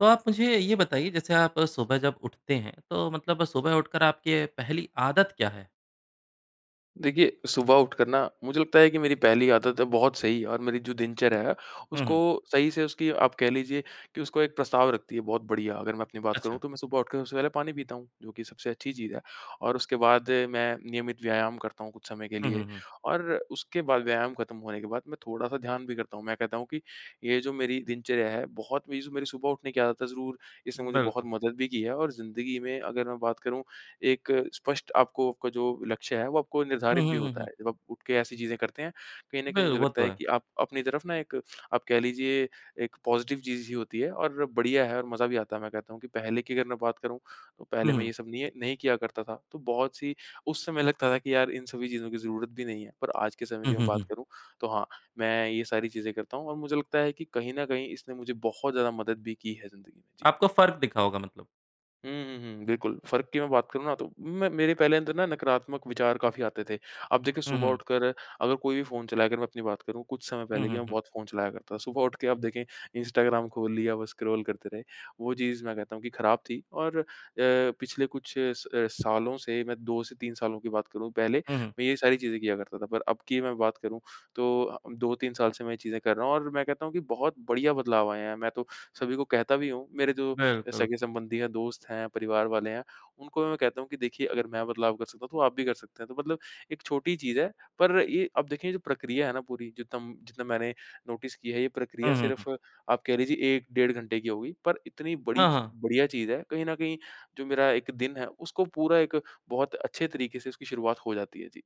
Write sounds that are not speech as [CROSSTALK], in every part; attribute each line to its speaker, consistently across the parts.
Speaker 1: तो आप मुझे ये बताइए, जैसे आप सुबह जब उठते हैं, तो मतलब सुबह उठकर आपकी पहली आदत क्या है?
Speaker 2: देखिए, सुबह उठकर ना मुझे लगता है कि मेरी पहली आदत है बहुत सही और मेरी जो दिनचर्या है,
Speaker 1: हुँ,
Speaker 2: उसको
Speaker 1: हुँ।
Speaker 2: सही से उसकी आप कह लीजिए कि उसको 1 प्रस्ताव रखती है बहुत बढ़िया। अगर मैं अपनी बात
Speaker 1: अच्छा।
Speaker 2: करूँ, तो मैं सुबह उठ कर सबसे पहले पानी पीता हूँ। जो कि सबसे अच्छी चीज़ है और उसके बाद मैं नियमित व्यायाम करता हूँ कुछ समय के
Speaker 1: हुँ,
Speaker 2: लिए।
Speaker 1: हुँ, हुँ।
Speaker 2: और उसके बाद व्यायाम ख़त्म होने के बाद मैं थोड़ा सा ध्यान भी करता हूँ। मैं कहता हूँ कि ये जो मेरी दिनचर्या है, बहुत मेर सु मेरी जो सुबह उठने आदत है, ज़रूर इसने मुझे बहुत
Speaker 1: बिल्कुल।
Speaker 2: मदद भी की है और ज़िंदगी में अगर मैं बात करूँ, एक स्पष्ट आपको आपका जो लक्ष्य है, वो आपको
Speaker 1: हुँ,
Speaker 2: निर्धारित भी
Speaker 1: हुँ, हुँ,
Speaker 2: होता
Speaker 1: हुँ।
Speaker 2: है। जब आप उठके ऐसी चीज़ें करते हैं। कहीं न कहीं
Speaker 1: बिल
Speaker 2: मुझे
Speaker 1: वो
Speaker 2: लगता
Speaker 1: तो
Speaker 2: है
Speaker 1: है।
Speaker 2: कि आप अपनी तरफ़ ना एक आप कह लीजिए, एक पॉज़िटिव चीज़ ही होती है और बढ़िया है और मज़ा भी आता है। मैं कहता हूँ कि पहले की अगर मैं बात करूँ, तो
Speaker 1: हुँ,
Speaker 2: पहले मैं
Speaker 1: हुँ।
Speaker 2: यह सब नी नहीं किया करता था, तो बहुत सी उस समय लगता था कि यार इन सभी चीज़ों की ज़रूरत भी नहीं है। पर आज के समय की मैं बात
Speaker 1: [CHUCKLES]
Speaker 2: करूँ, तो हाँ मैं ये सारी चीज़ें करता हूँ और मुझे लगता है कि कहीं न कहीं इसने मुझे बहुत ज़्यादा मदद भी की है ज़िंदगी में। जी।
Speaker 1: आपको फ़र्क दिखा होगा मतलब।
Speaker 2: उ, हुँ, हुँ, बिल्कुल। फ़र्क़ की मैं बात करूँ ना, तो मैं मेरे पहले अंदर ना नकारात्मक विचार काफ़ी आते थे। अब देखिए,
Speaker 1: हुँ,
Speaker 2: सुबह
Speaker 1: हुँ।
Speaker 2: उठकर अगर कोई भी फ़ोन चलाकर मैं अपनी बात करूँ, कुछ समय
Speaker 1: हुँ,
Speaker 2: पहले कि
Speaker 1: हुँ,
Speaker 2: मैं
Speaker 1: हुँ।
Speaker 2: बहुत फ़ोन चलाया करता। सुबह उठके आप देखें, इंस्टाग्राम खोल लिया, बस स्क्रॉल करते रहे। वो चीज़ मैं कहता हूँ कि ख़राब थी। और अ, पिछले कुछ स सालों से मैं 2 से 3 सालों की बात करूँ, पहले
Speaker 1: हुँ, हुँ।
Speaker 2: मैं ये सारी चीज़ें किया करता था, पर अब की मैं बात करूँ, तो आ उम, 2-3 साल से मैं चीज़ें कर रहा हूँ। और मैं कहता हूँ कि बहुत बढ़िया बदलाव आए हैं। मैं तो सभी को कहता भी हूँ, मेरे जो अ,
Speaker 1: बिल्कुल।
Speaker 2: सगे-संबंधी हैं, दोस्त हैं, परिवार वाले हैं, उनको मैं कहता हूँ कि देखिए अगर मैं बदलाव कर सकता हूँ, तो आप भी कर सकते हैं। तो मतलब एक छोटी चीज़ है, पर ये अब देखिए जो प्रक्रिया है ना पूरी, जितना-जितना मैंने नोटिस की है, ये प्रक्रिया
Speaker 1: हुँ, हुँ, हुँ।
Speaker 2: सिर्फ़ आप कह लीजिए 1 डेढ़ घंटे की होगी, पर इतनी बड़ी
Speaker 1: हाँ,
Speaker 2: च
Speaker 1: हाँ।
Speaker 2: बढ़िया चीज़ है कहीं न कहीं, जो मेरा एक दिन है, उसको पूरा एक बहुत अच्छे तरीके से इसकी शुरुआत हो जाती है। जी।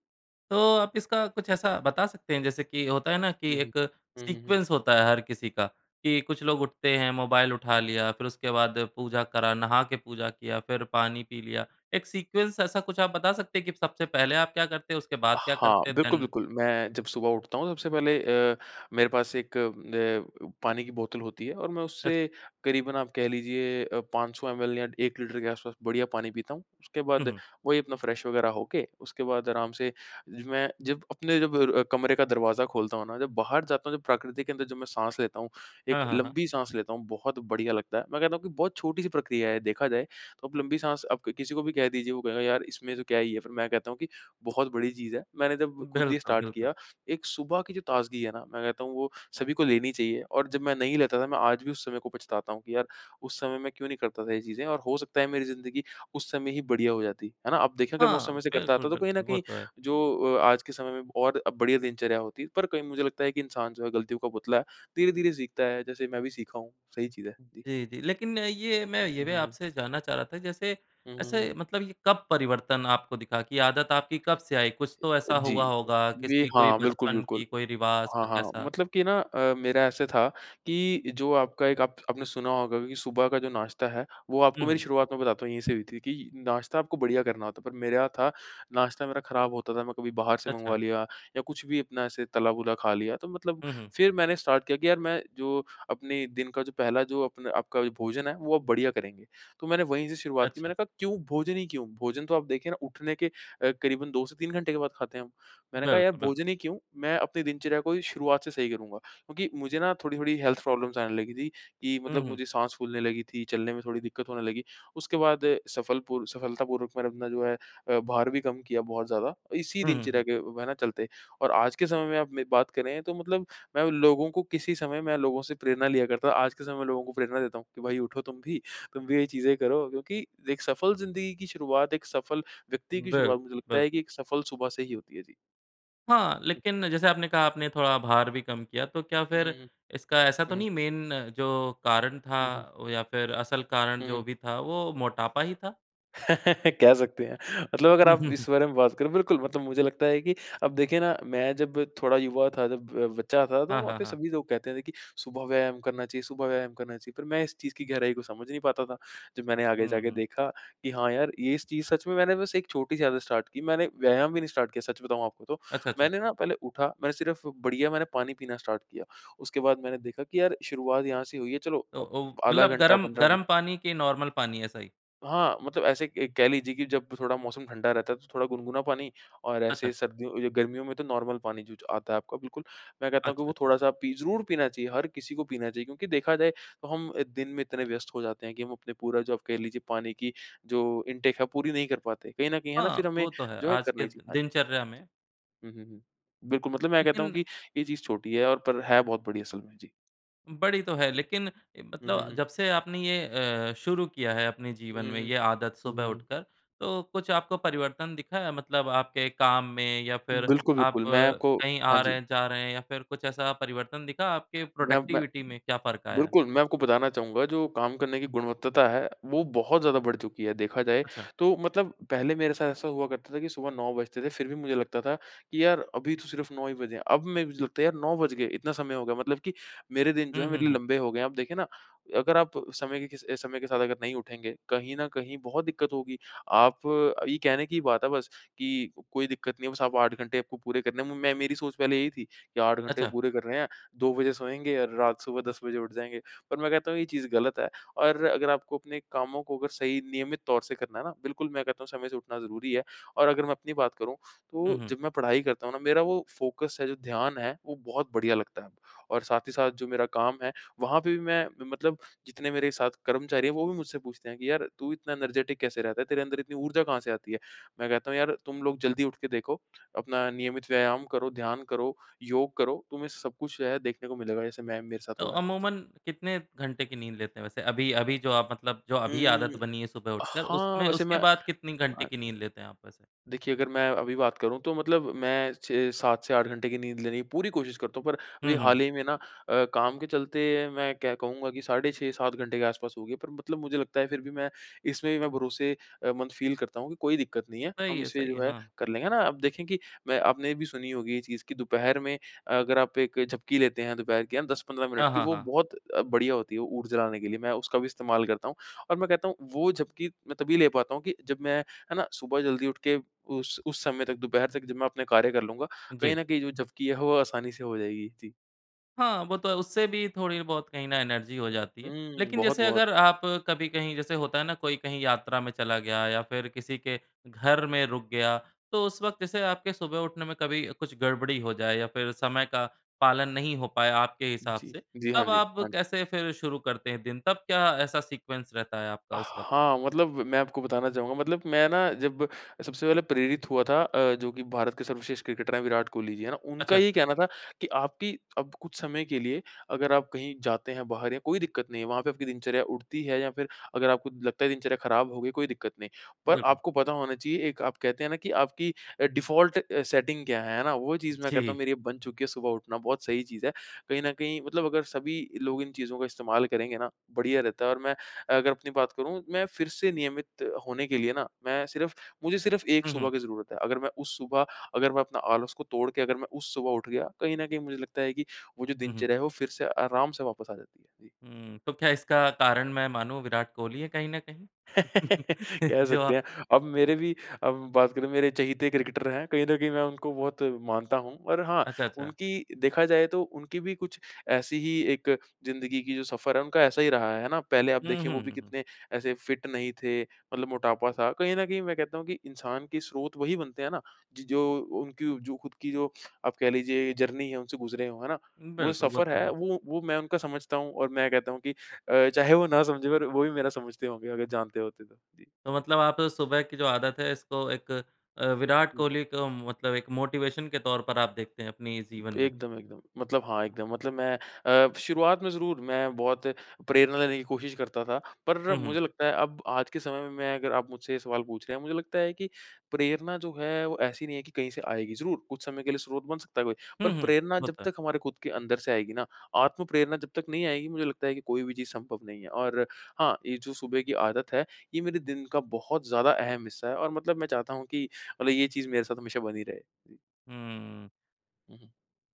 Speaker 1: तो आप इसका कुछ ऐसा बता सकते हैं जैसे कि होता है ना कि
Speaker 2: हुँ, हुँ।
Speaker 1: एक
Speaker 2: हुँ, हुँ, हुँ।
Speaker 1: सीक्वेंस होता है हर किसी का, कि कुछ लोग उठाते हैं मोबाइल उठा लिया फिर उसके बाद पूजा करा नहा के पूजा किया फिर पानी पी लिया। एक सीक्वेंस ऐसा कुछ आप बता सकते हैं कि सबसे पहले आप क्या करते हैं उसके बाद क्या
Speaker 2: हाँ,
Speaker 1: करते है? देन?
Speaker 2: बिल्कुल-बिल्कुल। मैं जब सुबह उठता हूँ, सबसे पहले अ, मेरे पास 1 अ, पानी की बोतल होती है और मैं
Speaker 1: अच्छा।
Speaker 2: उससे क़रीबन, आप कह लीजिए, अ, 500 एमएल या 1 लीटर के आस-पास बढ़िया पानी पीता हूँ। उसके
Speaker 1: हुँ,
Speaker 2: बाद
Speaker 1: हुँ।
Speaker 2: वही अपना फ़्रेश वगेरह होके, उसके बाद आराम से ज मैं जब अपने जब र कमरे का दरवाज़ा खोलता हूँ ना, जब बाहर जाता हूँ, जब प्रकृति के अंदर, जब मैं साँस लेता हूँ, 1
Speaker 1: हाँ, हाँ, हाँ।
Speaker 2: लंबी साँस लेता हूँ, बहुत बढ़िया लगता है। मैं कहता हूँ कि बहुत छोटी-सी प्रक्रिया है, देखा जाए तो। आप लंबी साँस, आप क किसी को भी कह दीजिए, वो कहेगा, "यार, इसमें तो क्या ही है?" फिर मैं कहता हूँ कि, "बहुत बड़ी चीज़ है।" मैंने जब ख़ुद ही
Speaker 1: बिल्कुल,
Speaker 2: स्टार्ट
Speaker 1: बिल्कुल।
Speaker 2: किया, एक सुबह की जो ताज़गी है ना, मैं कहता हूँ वो सभी को लेनी चाहिए। और जब मैं नहीं लेता था, मैं आज भी उस समय को पछताता हूँ, कि यार उस समय मैं क्यों नहीं करता था यह चीज़ें? और हो सकता है मेरी ज़िंदगी उस समय ही बढ़िया हो जाती। है ना? आप देखें, अगर मैं उस
Speaker 1: हाँ,
Speaker 2: समय से करता था, तो कहीं न
Speaker 1: बिल्कुल-बिल्कुल। वो
Speaker 2: कहीं
Speaker 1: तो है।
Speaker 2: जो अ, आज के समय में बहुत बढ़िया दिनचर्या होती। पर कहीं मुझे लगता है कि इंसान जो है, गलतियों का पुतला, धीरे-धीरे सीखता है, जैसे मैं भी सीखा हूँ, सही चीज़ है। जी।
Speaker 1: जी, जी। लेकिन अ, ये मैं ये भी
Speaker 2: हुँ, हुँ।
Speaker 1: आपसे जानना चाह रहा था, जैसे
Speaker 2: हुँ, हुँ, हुँ।
Speaker 1: ऐसे मतलब ये कब परिवर्तन आपको दिखा कि आदत आपकी कब से आई। कुछ तो ऐसा
Speaker 2: जी।
Speaker 1: हुआ होगा,
Speaker 2: ये
Speaker 1: किसी कोई
Speaker 2: हाँ,
Speaker 1: बचपन
Speaker 2: बिल्कुल-बिल्कुल।
Speaker 1: की कोई रिवाज़
Speaker 2: हाँ,
Speaker 1: कुछ
Speaker 2: हाँ, हाँ।
Speaker 1: ऐसा?
Speaker 2: मतलब कि ना अ, मेरा ऐसे था कि जो आपका एक आप आपने सुना होगा कि सुबह का जो नाश्ता है, वो
Speaker 1: हुँ,
Speaker 2: आपको मेरी
Speaker 1: हुँ।
Speaker 2: शुरुआत मैं बताता हूँ, यहीं से हुई थी कि नाश्ता आपको बढ़िया करना होता, पर मेरे यहाँ था नाश्ता मेरा ख़राब होता था। मैं कभी बाहर से मँगवा
Speaker 1: अच्छा।
Speaker 2: लिया या कुछ भी अपना ऐसे तला-भुना खा लिया, तो मतलब
Speaker 1: हुँ, हुँ।
Speaker 2: फिर मैंने स्टार्ट किया कि यार मैं जो अपने दिन का जो पहला जो अपने आपका भोजन है, वो आप बढ़िया करेंगे। तो मैंने वहीं से शुरुआत की।
Speaker 1: अच्छा।
Speaker 2: मैंने कहा क्यों भोजन ही क्यों? भोजन तो आप देखें ना, उठने के क़रीबन अ, 2 से 3 घंटे के बाद खाते हैं हम। मैंने कहा, "यार,
Speaker 1: बिल्कुल, बिल्कुल।
Speaker 2: भोजन ही क्यों? मैं अपने दिनचर्या को ही शुरुआत से सही करूँगा।" क्योंकि मुझे ना थोड़ी-थोड़ी हेल्थ प्रॉब्लम्स आने लगी थीं कि
Speaker 1: हुँ,
Speaker 2: मतलब
Speaker 1: हुँ।
Speaker 2: मुझे साँस फूलने लगी थी, चलने में थोड़ी दिक़्क़त होने लगी। उसके बाद सफलपुर सफलतापूर्वक मैंने अपना जो है अ, बाहर भी कम किया बहुत ज़्यादा। इसी
Speaker 1: हुँ, हुँ,
Speaker 2: दिनचर्या
Speaker 1: हुँ।
Speaker 2: के अ, वह ना चलते। और आज के समय में आप मेरी बात करें, तो मतलब मैं उन लोगों को किसी समय मैं लोगों से प्रेरणा लिया करता। आज के समय लोगों को प्रेरणा देता हूँ, कि भाई उठो तुम भी, तुम भी यह चीज़ें करो, क्योंकि एक सफल ज़िंदगी की शुरुआत, एक सफल व्यक्ति की
Speaker 1: बिल्कु
Speaker 2: शुरुआत मुझे लगता
Speaker 1: बिल्कु
Speaker 2: है कि एक सफल सुबह से ही होती है। जी।
Speaker 1: हाँ,
Speaker 2: हुँ।
Speaker 1: लेकिन जैसे आपने कहा, आपने थोड़ा भार भी कम किया, तो क्या
Speaker 2: हुँ,
Speaker 1: फिर
Speaker 2: हुँ।
Speaker 1: इसका ऐसा तो
Speaker 2: हुँ।
Speaker 1: नहीं मेन जो कारण था
Speaker 2: जी।
Speaker 1: या फिर असल कारण
Speaker 2: हुँ,
Speaker 1: जो
Speaker 2: हुँ।
Speaker 1: भी था, वो मोटापा ही था?
Speaker 2: [LAUGHS] कह सकते हैं। मतलब अगर
Speaker 1: हुँ,
Speaker 2: आप
Speaker 1: हुँ,
Speaker 2: इस
Speaker 1: हुँ।
Speaker 2: बारे में बात करो, बिल्कुल मतलब मुझे लगता है कि अब देखिए ना, मैं जब थोड़ा युवा था, जब ब बच्चा था, तो
Speaker 1: हाँ,
Speaker 2: वहाँ
Speaker 1: हाँ,
Speaker 2: पर
Speaker 1: हाँ।
Speaker 2: सभी लोग कहते थे कि सुबह व्यायाम करना चाहिए सुबह व्यायाम करना चाहिए, पर मैं इस चीज़ की गहराई को समझ नहीं पाता था। जब मैंने आगे
Speaker 1: हुँ,
Speaker 2: जाके
Speaker 1: हुँ।
Speaker 2: देखा कि हाँ यार, ये इस चीज़ सच में मैंने बस एक छोटी-सी आदत स्टार्ट की। मैंने व्यायाम ही नहीं स्टार्ट किया, सच बताऊँ आपको तो।
Speaker 1: अच्छा, अच्छा।
Speaker 2: मैंने ना पहले उठा, मैं सिर्फ़ बढ़िया मैंने पानी पीना स्टार्ट किया। उसके बाद मैंने देखा कि यार, शुरुआत यहाँ से हुई है, चलो
Speaker 1: तो
Speaker 2: अब
Speaker 1: ओ
Speaker 2: आधा
Speaker 1: मतलब
Speaker 2: घंटा
Speaker 1: गरम
Speaker 2: 15 मिनट
Speaker 1: गरम पानी के नॉर्मल पानी ऐसा ही?
Speaker 2: हाँ, मतलब ऐसे क एक कह लीजिए कि जब थोड़ा मौसम ठंडा रहता है, तो थोड़ा गुनगुना पानी। और
Speaker 1: अच्छा,
Speaker 2: ऐसे
Speaker 1: अच्छा।
Speaker 2: सर्दियों गर्मियों में तो नॉर्मल पानी आता है आपका बिल्कुल। मैं कहता हूँ कि
Speaker 1: अच्छा,
Speaker 2: वो
Speaker 1: अच्छा।
Speaker 2: थोड़ा सा पी ज़रूर पीना चाहिए। हर किसी को पीना चाहिए, क्योंकि देखा जाए तो हम दिन में इतने व्यस्त हो जाते हैं कि हम अपनी पूरी जो कह लीजिए पानी की जो इनटेक है, पूरी नहीं कर पाते। कहीं न कहीं है ना, फिर
Speaker 1: हाँ,
Speaker 2: हमें
Speaker 1: वो तो है,
Speaker 2: जो है
Speaker 1: आज
Speaker 2: करना
Speaker 1: के
Speaker 2: ही चाहिए। हाँ जी।
Speaker 1: दिनचर्या में
Speaker 2: जी। हुँ, हुँ, हुँ। बिल्कुल, मतलब मैं कहता हूँ
Speaker 1: लेकिन
Speaker 2: कि ये चीज़ छोटी है, और पर है बहुत बड़ी असल में जी।
Speaker 1: बड़ी तो है। लेकिन ए,
Speaker 2: हुँ, हुँ,
Speaker 1: मतलब
Speaker 2: हुँ।
Speaker 1: जब से आपने ये अ, शुरू किया है अपने
Speaker 2: हुँ,
Speaker 1: जीवन
Speaker 2: हुँ,
Speaker 1: में
Speaker 2: हुँ।
Speaker 1: ये आदत
Speaker 2: हुँ,
Speaker 1: सुबह
Speaker 2: हुँ, हुँ।
Speaker 1: उठकर, तो कुछ आपको परिवर्तन दिखा मतलब आपके काम में या फिर
Speaker 2: बिल्कुल,
Speaker 1: आप
Speaker 2: बिल्कुल। मैं आपको
Speaker 1: कहीं
Speaker 2: हाँ
Speaker 1: आ
Speaker 2: जी।
Speaker 1: रहे हैं जा रहे हैं या फिर कुछ ऐसा परिवर्तन दिखा आपकी
Speaker 2: मैं अप मैं
Speaker 1: प्रोडक्टिविटी में क्या फ़र्क़ आया है?
Speaker 2: बिल्कुल। मैं आपको बताना चाहूँगा कि जो काम करने की गुणवत्ता है, वो बहुत ज़्यादा बढ़ चुकी है। देखा जाए
Speaker 1: अच्छा।
Speaker 2: तो मतलब पहले मेरे साथ ऐसा हुआ करता था कि सुबह 9 बजते थे, फिर भी मुझे लगता था कि यार अभी तो सिर्फ़ 9 ही बजे हैं। अब मैं भी लगता है यार 9 बज गए? इतना समय हो गया? मतलब कि मेरे दिन जो
Speaker 1: हुँ,
Speaker 2: हैं,
Speaker 1: हुँ,
Speaker 2: मेरे
Speaker 1: हुँ।
Speaker 2: लंबे हो गए हैं। आप देखें ना, अगर आप समय के किस अ, समय के साथ अगर नहीं उठेंगे, कहीं न कहीं बहुत दिक्कत होगी। आप ये कहने की बात है बस कि कोई दिक्कत नहीं होगी, बस आप 8 घंटे आपको पूरे करने में, मैं मेरी सोच पहले यही थी कि 8 घंटे
Speaker 1: अच्छा।
Speaker 2: पूरे करने हैं, 2 बजे सोएँगे और रात सुबह 10 बजे उठ जाएँगे, पर मैं कहता हूँ यह चीज़ गलत है। और अगर आपको अपने कामों को अगर सही नियमित तौर से करना है ना, बिल्कुल मैं कहता हूँ समय से उठना ज़रूरी है। और अगर मैं अपनी बात करूँ,
Speaker 1: हुँ,
Speaker 2: तो
Speaker 1: हुँ।
Speaker 2: जब मैं पढ़ाई करता हूँ ना, मेरा वो फ़ोकस है, जो ध्यान है, वो बहुत बढ़िया लगता है। और साथ ही साथ जो मेरा काम है, वहाँ पे भी मैं म मतलब जितने मेरे साथ कर्मचारी हैं, वो भी मुझसे पूछते हैं कि, "यार तू इतना एनर्जेटिक कैसे रहता है? तेरे अंदर इतनी ऊर्जा कहाँ से आती है?" मैं कहता हूँ, "यार तुम लोग जल्दी उठकर देखो। अपना नियमित व्यायाम करो, ध्यान करो, योग करो। तुम्हें सब कुछ जो है देखने को मिलेगा। जैसे मैं मेरे साथ
Speaker 1: तो
Speaker 2: हो रहा है।" जी।
Speaker 1: अमूमन कितने घंटे की नींद लेते हैं वैसे? अभी अभी जो आप मतलब जो अभी
Speaker 2: हुँ।
Speaker 1: आदत बनी है सुबह उठकर।
Speaker 2: हाँ,
Speaker 1: उसमें
Speaker 2: वैसे मैं
Speaker 1: उसके बाद कितनी घंटे
Speaker 2: आए
Speaker 1: की नींद लेते हैं आप वैसे?
Speaker 2: देखिए, अगर मैं अभी बात करूँ, तो मतलब मैं 6-7 से 8 घंटे की नींद लेनी की पूरी कोशिश करता हूँ, पर अभी
Speaker 1: हुँ, हुँ, हुँ।
Speaker 2: हाल ही में ना अ, काम के चलते मैं कह कहूँगा कि साढ़े 6-7 घंटे के आस-पास होगी, पर मतलब मुझे लगता है फिर भी मैं इसमें भी मैं भरोसे अ, मंद फ़ील करता हूँ कि कोई दिक्कत नहीं है। हम
Speaker 1: सही है,
Speaker 2: इसे
Speaker 1: सही
Speaker 2: जो
Speaker 1: है।
Speaker 2: है
Speaker 1: हाँ।
Speaker 2: कर लेंगे ना। आप देखें कि मैं आपने भी सुनी होगी ये चीज़ कि दोपहर में अगर आप एक झपकी लेते हैं, दोपहर की हाँ 10-15 मिनट
Speaker 1: हाँ,
Speaker 2: की,
Speaker 1: हाँ,
Speaker 2: वो
Speaker 1: हाँ।
Speaker 2: बहुत बढ़िया होती है, वो ऊर्जा लाने के लिए। मैं उसका भी इस्तेमाल करता हूँ। और मैं कहता हूँ, वो झपकी मैं तभी ले पाता हूँ कि जब मैं है ना? सुबह जल्दी उठ के उस उस समय तक दोपहर तक जब मैं अपने कार्य कर लूँगा, कहीं
Speaker 1: जी।
Speaker 2: न कहीं जो झपकी है, वो आसानी से हो जाएगी। जी।
Speaker 1: हाँ, वो तो है। उससे भी थोड़ी बहुत कहीं ना एनर्जी हो जाती है।
Speaker 2: हुँ।
Speaker 1: लेकिन जैसे
Speaker 2: बहुत-बहुत।
Speaker 1: अगर आप कभी कहीं, जैसे होता है ना, कोई कहीं यात्रा में चला गया या फिर किसी के घर में रुक गया, तो उस वक़्त इसे आपके सुबह उठने में कभी कुछ गड़बड़ी हो जाए या फिर समय का पालन नहीं हो पाया, आपके हिसाब
Speaker 2: जी।
Speaker 1: से,
Speaker 2: जी, हाँ
Speaker 1: तब
Speaker 2: जी,
Speaker 1: आप
Speaker 2: हाँ जी।
Speaker 1: कैसे फिर शुरू करते हैं दिन? तब क्या ऐसा सीक्वेंस रहता है आपका उस वक़्त?
Speaker 2: हाँ, मतलब मैं आपको बताना चाहूँगा, मतलब मैं ना जब सबसे पहले प्रेरित हुआ था अ, जो कि भारत के सर्वश्रेष्ठ क्रिकेटर हैं विराट कोहली जी, हैं ना? उनका
Speaker 1: अच्छा,
Speaker 2: ये
Speaker 1: अच्छा।
Speaker 2: कहना था कि, "आपकी अब कुछ समय के लिए अगर आप कहीं जाते हैं बाहर, या कोई दिक्कत नहीं है वहाँ पे आपकी दिनचर्या उठती है, या फिर अगर आपको लगता है दिनचर्या खराब हो गई, कोई दिक्कत नहीं। पर
Speaker 1: बिल्कुल।
Speaker 2: आपको पता होना चाहिए एक आप कहते हैं ना कि आपकी अ, डिफ़ॉल्ट सेटिंग क्या है।" है ना? वो चीज़ मैं कहता हूँ
Speaker 1: जी।
Speaker 2: मेरी अब बन चुकी है सुबह उठना, बहुत सही चीज़ है। कहीं न कहीं, मतलब अगर सभी लोग इन चीज़ों का इस्तेमाल करेंगे ना, बढ़िया रहता है। और मैं अगर अपनी बात करूँ, मैं फिर से नियमित होने के लिए ना, मैं सिर्फ़ मुझे सिर्फ़ एक
Speaker 1: हुँ,
Speaker 2: सुबह
Speaker 1: हुँ।
Speaker 2: की ज़रूरत है। अगर मैं उस सुबह, अगर मैं अपने आलस को तोड़ के, अगर मैं उस सुबह उठ गया, कहीं न कहीं मुझे लगता है कि वो जो
Speaker 1: हुँ, हुँ।
Speaker 2: दिनचर्या है वो फिर से आराम से वापस आ जाती है। जी।
Speaker 1: हुँ। तो क्या इसका कारण मैं मानूँ विराट कोहली है कहीं न कहीं?
Speaker 2: [CHUCKLES]
Speaker 1: [CHUCKLES]
Speaker 2: कह
Speaker 1: जो आ
Speaker 2: सकते हैं। अब मेरे भी अब बात करें, मेरे चहेते क्रिकेटर हैं। कहीं न कहीं मैं उनको बहुत मानता हूँ और हाँ,
Speaker 1: अच्छा, अच्छा।
Speaker 2: उनकी देखा जाए तो उनकी भी कुछ ऐसी ही एक ज़िंदगी की जो सफ़र है, उनका ऐसा ही रहा है, है ना? पहले आप
Speaker 1: हुँ,
Speaker 2: देखें, वो भी
Speaker 1: हुँ।
Speaker 2: कितने ऐसे फ़िट नहीं थे। मतलब मोटापा-सा कहीं न कहीं मैं कहता हूँ कि इंसान की स्रोत वही बनते हैं ना ज जो उनकी जो खुद की जो आप कह लीजिए जर्नी है, उनसे गुज़रे हों, है ना? वो
Speaker 1: बिल्कुल, वो
Speaker 2: सफ़र
Speaker 1: तो
Speaker 2: है,
Speaker 1: है।
Speaker 2: वो, वो मैं उनका समझता हूँ और मैं कहता हूँ कि अ, चाहे वो ना समझें, पर वो भी मेरा समझते होंगे अगर जानते होते तो। जी।
Speaker 1: तो मतलब आप सुबह की जो आदत है, इसको 1 अ, विराट
Speaker 2: हुँ।
Speaker 1: कोहली को मतलब 1 मोटीवेशन के तौर पर आप देखते हैं, अपने जीवन में।
Speaker 2: एकदम, एकदम। मतलब हाँ एकदम, मतलब मैं अ, शुरुआत में ज़रूर मैं बहुत प्रेरणा लेने की कोशिश करता था, पर
Speaker 1: हुँ, हुँ।
Speaker 2: मुझे लगता है अब आज के समय में मैं अगर आप मुझसे ये सवाल पूछ रहे हैं, मुझे लगता है कि प्रेरणा जो है, वो ऐसी नहीं है कि कहीं से आएगी, ज़रूर। कुछ समय के लिए स्रोत बन सकता है कोई, पर
Speaker 1: हुँ, हुँ।
Speaker 2: प्रेरणा
Speaker 1: वो
Speaker 2: जब
Speaker 1: तो है।
Speaker 2: तक हमारे खुद के अंदर से आएगी ना, आत्म प्रेरणा जब तक नहीं आएगी, मुझे लगता है कि कोई भी चीज़ संभव नहीं है। और हाँ, ये जो सुबह की आदत है, यह मेरे दिन का बहुत ज़्यादा अहम हिस्सा है और मतलब मैं चाहता हूँ कि मतलब ये चीज़ मेरे साथ हमेशा बनी रहे। जी।
Speaker 1: हुँ।
Speaker 2: हुँ, हुँ।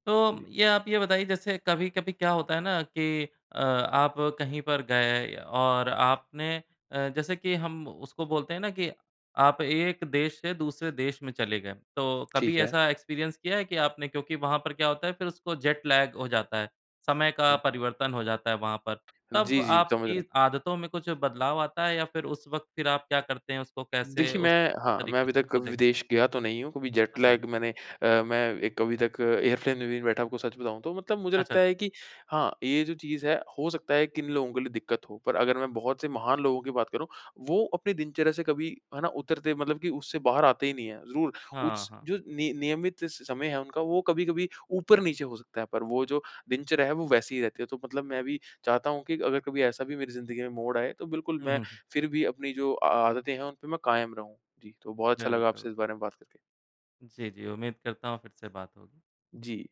Speaker 1: तो
Speaker 2: जी।
Speaker 1: ये आप ये बताइए, जैसे कभी-कभी क्या होता है ना कि अ, आप कहीं पर गए और आपने अ, जैसे कि हम उसको बोलते हैं ना कि आप एक देश से दूसरे देश में चले गए। तो कभी
Speaker 2: ठीक है।
Speaker 1: एक्सपीरियंस किया है कि आपने क्योंकि वहाँ पर क्या होता है, फिर उसको जेट लैग हो जाता है, समय का
Speaker 2: हुँ।
Speaker 1: परिवर्तन हो जाता है वहाँ पर। तब
Speaker 2: जी, जी। समझ रहे
Speaker 1: आपकी
Speaker 2: हैं।
Speaker 1: आदतों में कुछ बदलाव आता है, या फिर उस वक़्त फिर आप क्या करते हैं, उसको कैसे
Speaker 2: देखिए,
Speaker 1: उस
Speaker 2: मैं हाँ, मैं
Speaker 1: तरीक़े
Speaker 2: अभी
Speaker 1: से
Speaker 2: तक
Speaker 1: उसको देखते हैं?
Speaker 2: विदेश गया तो नहीं हूँ। कभी जेट
Speaker 1: अच्छा।
Speaker 2: लैग मैंने अ, मैं एक अभी तक एयरप्लेन में बैठा हूँ, तो मतलब मुझे
Speaker 1: अच्छा।
Speaker 2: लगता है कि हाँ, ये जो चीज़ है, हो सकता है किन लोगों के लिए दिक्कत हो। पर अगर मैं बहुत से महान लोगों की बात करूँ। वो अपने दिनचर्या से कभी है ना उतरते, मतलब कि उससे बाहर आते ही नहीं हैं। जरूर।
Speaker 1: हाँ,
Speaker 2: उस
Speaker 1: हाँ।
Speaker 2: जो निय नियमित समय है उनका, वो कभी-कभी ऊपर नीचे हो सकता है, पर वो जो दिनचर्या है वो वैसी ही रहती है, तो मतलब मैं भी चाहता हूँ कि अगर कभी ऐसा भी मेरी ज़िंदगी में मोड़ आए, तो बिल्कुल
Speaker 1: हुँ,
Speaker 2: मैं
Speaker 1: हुँ, हुँ।
Speaker 2: फिर भी अपनी जो आ आदतें हैं, उन पे मैं कायम रहूँ। जी, तो बहुत अच्छा लगा
Speaker 1: बिल्कुल,
Speaker 2: आपसे
Speaker 1: बिल
Speaker 2: इस बारे में बात करके।
Speaker 1: जी, जी। उम्मीद करता हूँ फिर से बात होगी।
Speaker 2: जी।